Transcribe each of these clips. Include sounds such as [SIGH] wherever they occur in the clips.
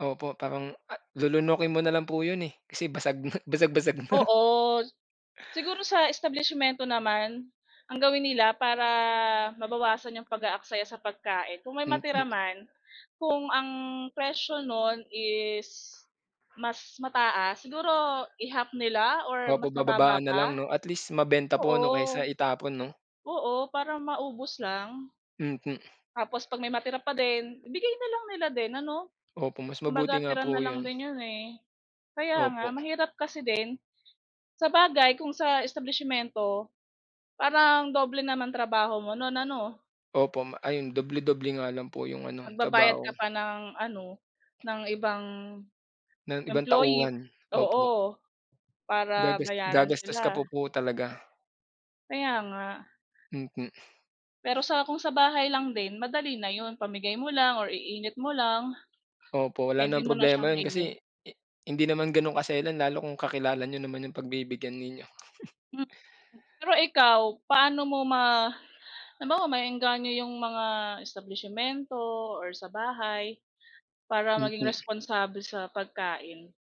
Opo. Parang a lulunukin mo na lang po yun, eh, kasi basag na basag-basag na. [LAUGHS] Oo. Siguro sa establisimyento naman, ang gawin nila para mabawasan 'yong pag-aaksaya sa pagkain, kung may matira Mm. man, kung ang presyo no'n is mas mataas, siguro i-half nila or Opo, mas mababa bababaan pa? nalang 'no. At least mabenta po 'no Oo. kaysa itapon 'no? Oo, para maubos lang. Mm. Tapos 'pag may matira pa din, ibigay na lang nila din ano? Opo, mas mabuti Kumbaga nga tira po na lang yun. din 'yon, eh. Kaya nga, Opo. mahirap kasi din. Sabagay kung sa establisimyento, parang doble naman trabaho mo no'n ano? Opo. Ma yun, doble-doble nga lang po yung ano, Magbabayad trabaho. ka pa ng ano, ng ibang Ng ibang employee, tauhan. Opo. oo. Para Gagas bayaran gagastos ka pa sila. po talaga. Kaya nga. Mm. Pero sa kung sa bahay lang din, madali na yun. Pamigay mo lang or iinit mo lang, Opo, wala pwede namang mo na siyang problema yun kasi kainin. hi hindi naman ganun kaselan lalo kung kakilala niyo naman yung pagbibigyan ninyo. [CHUCKLES] Hmm. Pero ikaw, paano mo ma halimbawa maeengganyo yung mga establisimyento or sa bahay para maging Mm. responsable sa pagkain?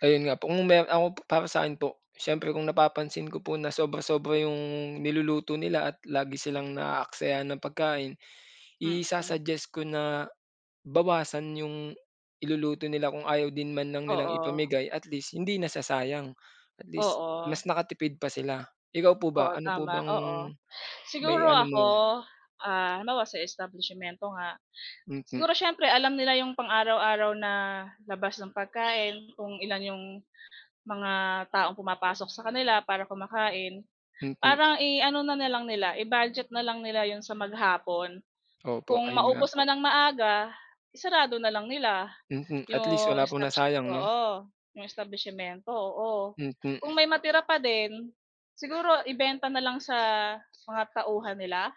Ayun nga po. Kung meron ako, para sa'kin po, siyempre kung napapansin ko po na sobra-sobra yung niluluto nila at lagi silang naaaksaya ng pagkain, Mm. isa-suggest ko na bawasan yung iluluto nila kung ayaw din man lang nilang Oo. ipamigay at least hindi nasasayang. At least, Oo. mas nakatipid pa sila. Ikaw po ba? Oo, Ano po tama, bang oo. Siguro maiano mo? ako? Ah, halimbawa sa establisimyento nga, Mm. siguro siyempre alam nila 'yong pang-araw-araw na labas ng pagkain, kung ilan 'yong mga taong pumapasok sa kanila para kumakain. Mm. Parang i ano na lang nila, i-budget na lang nila 'yon sa maghapon. Opo, Kung ayun nga maubos po. man nang maaga, isarado na lang nila Mm. At least yung wala pong establisimyento, nasayang 'no? oo. 'Yong establisimyento, oo. Kung Mm. may matira pa din, siguro ibenta na lang sa mga tauhan nila?